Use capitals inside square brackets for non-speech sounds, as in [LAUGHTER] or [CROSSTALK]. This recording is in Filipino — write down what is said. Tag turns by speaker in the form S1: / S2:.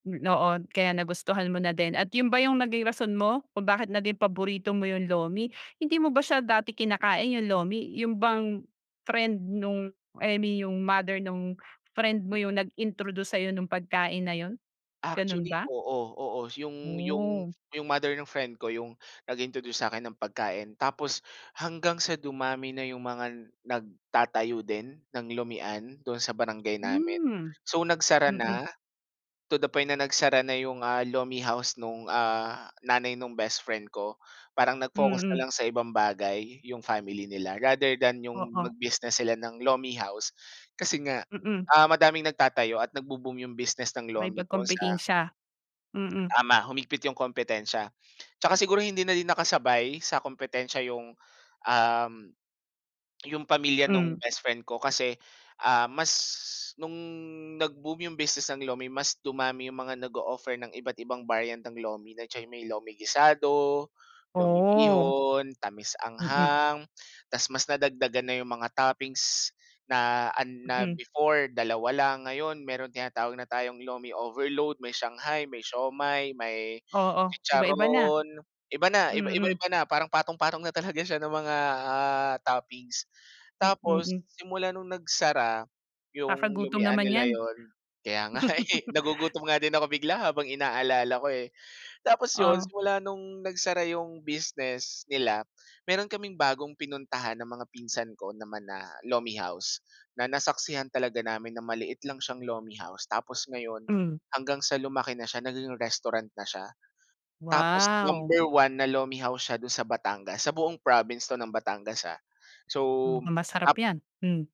S1: Hmm, oo. Kaya nagustuhan mo na din at 'yon ba 'yong naging rason mo kung bakit na din paborito mo 'yong lomi? Hindi mo ba siya dati kinakain, 'yong lomi, 'yon bang, friend no'ng eh, mi 'yong mother no'ng
S2: Good
S1: friend mo
S2: boy.
S1: 'yong nag-introduce sa'yo no'ng pagkain na 'yon, gano'n
S2: Actually,
S1: ba?
S2: oo. Oo, s 'yong 'yong
S1: Oh.
S2: 'yong mother ng friend ko 'yong nag-introduce sa'kin ng pagkain. Tapos, hanggang sa dumami na 'yong mga nagtatayo din ng lomihan do'n sa barangay namin.
S1: Hmm.
S2: So, nagsara
S1: Mm.
S2: na, to the point na nagsara na 'yong, ah, lomi house no'ng, ah, nanay no'ng best friend ko. Parang nag-focus na
S1: Mm.
S2: lang sa ibang bagay, 'yong family nila rather than 'yong
S1: Oo.
S2: mag-business sila ng lomi house, kasi nga,
S1: Mm.
S2: ah, madaming nagtatayo at nagbo-boom 'yong business ng lomi doon sa
S1: Makipagkompetensiya. Mm.
S2: Tama, humigpit 'yong kompetensiya. 'Tsaka siguro hindi na din nakasabay sa kompetensiya 'yong, um, 'yong pamilya no'ng
S1: Hmm.
S2: best friend ko kasi, ah, mas no'ng nag-boom 'yong business ng lomi mas dumami 'yong mga nag-o-offer ng iba't ibang variant ng lomi. Nandiyan 'yong may lomi gisado, lomi
S1: Oh.
S2: bihon,
S1: Mm.
S2: tamis-anghang, tapos mas nadagdagan na 'yong mga toppings na an na
S1: Mm.
S2: before 2 lang, ngayon meron tinatawag na tayong lomi overload, may shanghai, may siomai, may
S1: Oo, iba-iba na.
S2: chicharon, iba na, iba-iba
S1: Mm.
S2: iba na, parang patong-patong na talaga siya ng mga, ah, toppings.
S1: Hmm,
S2: Tapos,
S1: mm.
S2: simula no'ng nagsara, 'yong
S1: Kakagutom
S2: lomihan
S1: naman
S2: nila
S1: 'yan.
S2: 'yon kaya nga, eh,
S1: [CHUCKLES]
S2: nagugutom nga din ako bigla habang inaalala ko, eh, tapos 'yon
S1: O?
S2: simula no'ng nagsara 'yong business nila, meron kaming bagong pinuntahan ng mga pinsan ko naman na lomi house na nasaksihan talaga namin na maliit lang siyang lomi house. Tapos ngayon,
S1: Hmm.
S2: hanggang sa lumaki na siya naging restaurant na siya, tapos
S1: Wow!
S2: number 1 na lomi house siya do'n sa Batangas, sa buong province 'to ng Batangas, ah. So,
S1: Mukhang masarap
S2: ap
S1: 'yan. Hmm.